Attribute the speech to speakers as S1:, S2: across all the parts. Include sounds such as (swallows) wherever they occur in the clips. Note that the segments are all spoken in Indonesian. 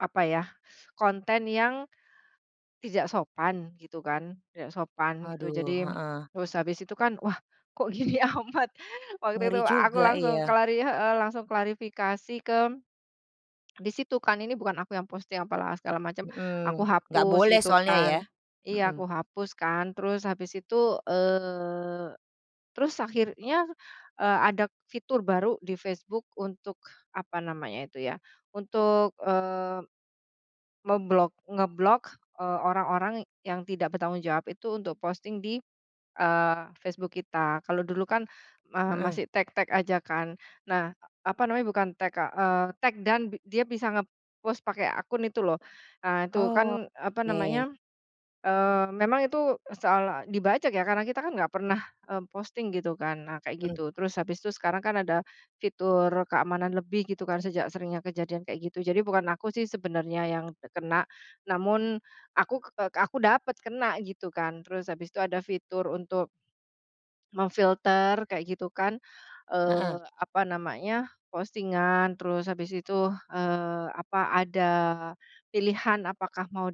S1: Apa ya, konten yang tidak sopan gitu kan, tidak sopan gitu
S2: Aduh,
S1: jadi
S2: heeh.
S1: terus habis itu kan wah, kok gini amat waktu itu
S2: Ngeri
S1: aku
S2: juga,
S1: langsung
S2: ya.
S1: klari heeh, langsung klarifikasi ke (swallows) di situ kan ini bukan aku yang posting apalah segala macam aku
S2: Mhm, nggak
S1: hapus
S2: boleh
S1: gitu
S2: soalnya ya,
S1: kan, iya aku
S2: mhm.
S1: hapus kan terus habis itu, eee, terus akhirnya, eee, ada fitur baru di Facebook untuk apa namanya itu ya untuk, eee, memblok ngeblok, eee, orang-orang yang tidak bertanggung jawab itu untuk posting di, eee, Facebook kita. Kalau dulu kan, eee,
S2: Heeh.
S1: masih take-take aja kan? Nah, apa namanya, bukan take eee, take down bi dia bisa ngepos pakai akun itu loh. Nah itu kan apa
S2: Oke.
S1: namanya, eee, memang itu soal dibajak ya karena kita kan nggak pernah, eee, posting gitu kan nah kayak
S2: Mhm.
S1: gitu terus habis itu sekarang kan ada fitur keamanan lebih gitu kan sejak seringnya kejadian kayak gitu. Jadi bukan aku sih sebenernya yang kena namun aku, eee, aku dapet kena gitu kan terus habis itu ada fitur untuk memfilter kayak gitu kan, eee,
S2: Heeh.
S1: apa namanya, postingan terus habis itu, eee, apa ada pilihan apakah mau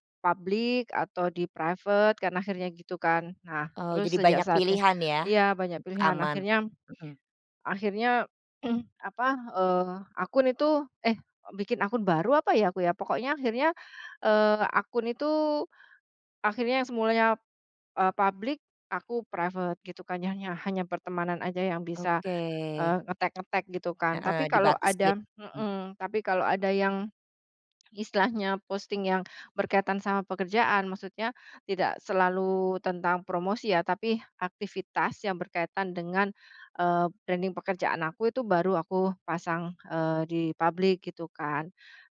S1: di-public atau di-private kan akhirnya gitu kan. Nah
S2: Oh,
S1: terus
S2: jadi
S1: sejak
S2: banyak
S1: saatnya
S2: pilihan ya
S1: iya banyak
S2: untuk
S1: pilihan
S2: aman,
S1: akhirnya
S2: mhm.
S1: akhirnya (clears throat) apa, eee, akun itu, eh, bikin akun baru apa ya aku ya pokoknya akhirnya, eee, akun itu akhirnya yang semulanya, eee, public aku private gitu kan ya hanya pertemanan aja yang bisa,
S2: Oke.
S1: eee, ngetag-ngetag gitu kan tapi
S2: Heeh,
S1: kalau
S2: dibatas
S1: ada
S2: git hmm.
S1: mhm, tapi kalau ada yang (swallows) istilahnya posting yang berkaitan sama pekerjaan maksudnya tidak selalu tentang promosi ya tapi aktivitas yang berkaitan dengan, eee, branding pekerjaan aku itu baru aku pasang, eee, di public gitu kan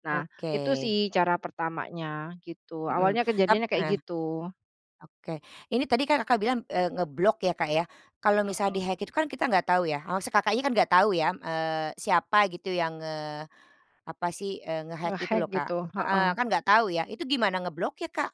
S1: nah itu
S2: Oke.
S1: sih cara pertamanya gitu
S2: Mhm,
S1: awalnya
S2: tap
S1: kejadiannya kayak
S2: heeh,
S1: gitu.
S2: oke ini tadi kan, Kakak, bilang, eee, ngeblok ya, Kak, ya kalau misal
S1: Mhm.
S2: di-hack itu kan kita nggak tahu ya, maksudnya, Kakaknya kan nggak tahu ya, eee, siapa gitu yang, eee, apa sih nge-hack itu
S1: Nge-hack
S2: loh, Kak,
S1: gitu,
S2: heeh,
S1: heeh.
S2: kan enggak tahu ya itu gimana ngebloknya, Kak?